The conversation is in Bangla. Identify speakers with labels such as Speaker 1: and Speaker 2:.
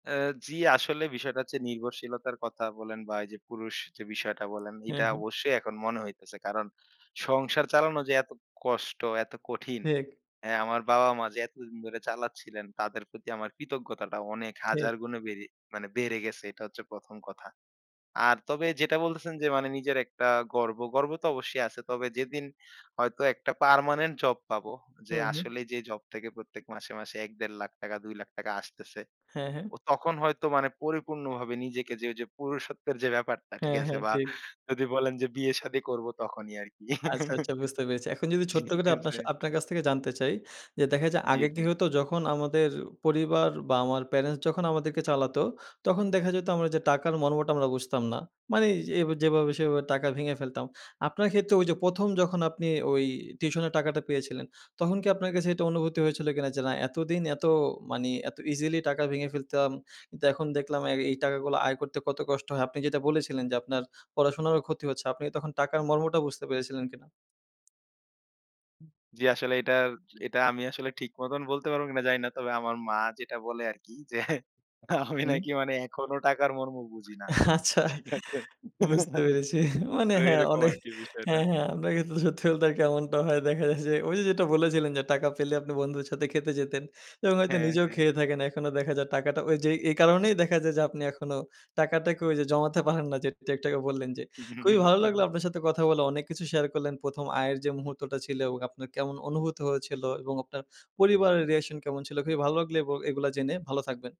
Speaker 1: অ্যা জি, আসলে বিষয়টা হচ্ছে নির্ভরশীলতার কথা বলেন বা এই যে পুরুষ যে বিষয়টা বলেন,
Speaker 2: হ্যাঁ,
Speaker 1: এইটা
Speaker 2: হ্যাঁ।
Speaker 1: অবশ্যই এখন মনে হইতেছে। কারণ সংসার চালানো যে এত কষ্ট, এত কঠিন।
Speaker 2: ঠিক।
Speaker 1: অ্যা আমার বাবা, মা যে এতদিন ধরে চালাচ্ছিলেন, তাদের প্রতি আমার কৃতজ্ঞতাটা অনেক
Speaker 2: ঠিক।
Speaker 1: হাজার গুণে বেড়ে মানে বেড়ে গেছে এটা হচ্ছে ১ম কথা। আর তবে যেটা বলতেছেন যে মানে নিজের একটা গর্ব। গর্ব তো অবশ্যই আছে। তবে যেদিন হয়তো একটা পার্মানেন্ট জব পাবো। যে
Speaker 2: হুম, হুম।
Speaker 1: আসলে যে জব থেকে প্রত্যেক মাসে, মাসে ১-১.৫ লাখ টাকা, ২ লাখ টাকা আসতেছে।
Speaker 2: হ্যাঁ, হ্যাঁ।
Speaker 1: ও তখন হয়তো মানে পরিপূর্ণভাবে নিজেকে যে ওইযে পুরুষত্বের যে ব্যাপারটা, ঠিক
Speaker 2: হ্যাঁ,
Speaker 1: আছে?
Speaker 2: হ্যাঁ,
Speaker 1: বা
Speaker 2: ঠিক।
Speaker 1: যদি বলেন যে বিয়ে শাদি করবো তখনই আরকি।
Speaker 2: আচ্ছা, আচ্ছা, বুঝতে পেরেছি। এখন যদি ছোট্ট
Speaker 1: ঠিক
Speaker 2: করে আপনার
Speaker 1: আছে।
Speaker 2: সা আপনার কাছ থেকে জানতে চাই, যে দেখা যায়
Speaker 1: জি,
Speaker 2: আগে কি
Speaker 1: জি।
Speaker 2: হতো, যখন আমাদের পরিবার বা আমার প্যারেন্টস যখন আমাদেরকে চালাতো, তখন দেখা যেত আমরা এই যে টাকার মর্মটা আমরা বুঝতাম না। মানে এই যেভাবে সেভাবে টাকা ভেঙে ফেলতাম। আপনার ক্ষেত্রে ওই যে ১ম যখন আপনি ওই টিউশনের টাকাটা পেয়েছিলেন, তখন কি আপনার কাছে এটা অনুভূতি হয়েছিল কিনা? যে না এতদিন এত মানে এত ইজিলি টাকা ভেঙে ফেলতাম। কিন্তু এখন দেখলাম অ্যা এই টাকাগুলো আয় করতে কত কষ্ট হয়। আপনি যেটা বলেছিলেন যে আপনার পড়াশোনারও ক্ষতি হচ্ছে। আপনি তখন টাকার মর্মটা বুঝতে পেরেছিলেন কিনা?
Speaker 1: জি, আসলে এটার এটা আমি আসলে ঠিক মতন বলতে পারবো কিনা জানি না। তবে আমার মা যেটা বলে আরকি যে আমি
Speaker 2: হুম।
Speaker 1: নাকি মানে এখনো টাকার মর্ম বুঝি না,
Speaker 2: আচ্ছা,
Speaker 1: ঠিক আছে?
Speaker 2: বুঝতে পেরেছি। মানে
Speaker 1: তো
Speaker 2: হ্যাঁ,
Speaker 1: এরকম
Speaker 2: অনে
Speaker 1: আর কি বিষয়টা।
Speaker 2: হ্যাঁ, হ্যাঁ, আমরা কিন্তু সত্যি বলতে এমনটা হয় দেখা যায় যে ওই যে যেটা বলেছিলেন যে টাকা পেলে আপনি বন্ধুদের সাথে খেতে যেতেন। এবং হয়তো
Speaker 1: হ্যাঁ,
Speaker 2: নিজেও
Speaker 1: হ্যাঁ।
Speaker 2: খেয়ে থাকেন। এখনো দেখা যায় টাকাটা ওইযে এ এই কারণেই দেখা যায় যে আপনি এখনো টাকাটাকে ওই যে জমাতে পারেন না যেটা একটু আগে বললেন যে। খুবই ভালো লাগলো আপনার সাথে কথা বলে, অনেক কিছু শেয়ার করলেন। প্রথম আয়ের যে মুহূর্তটা ছিল আপনার কেমন অনুভূত হয়েছিল এবং আপনার পরিবারের রিঅ্যাকশন কেমন ছিল। খুবই ভালো লাগলো এব এগুলো জেনে, ভালো থাকবেন।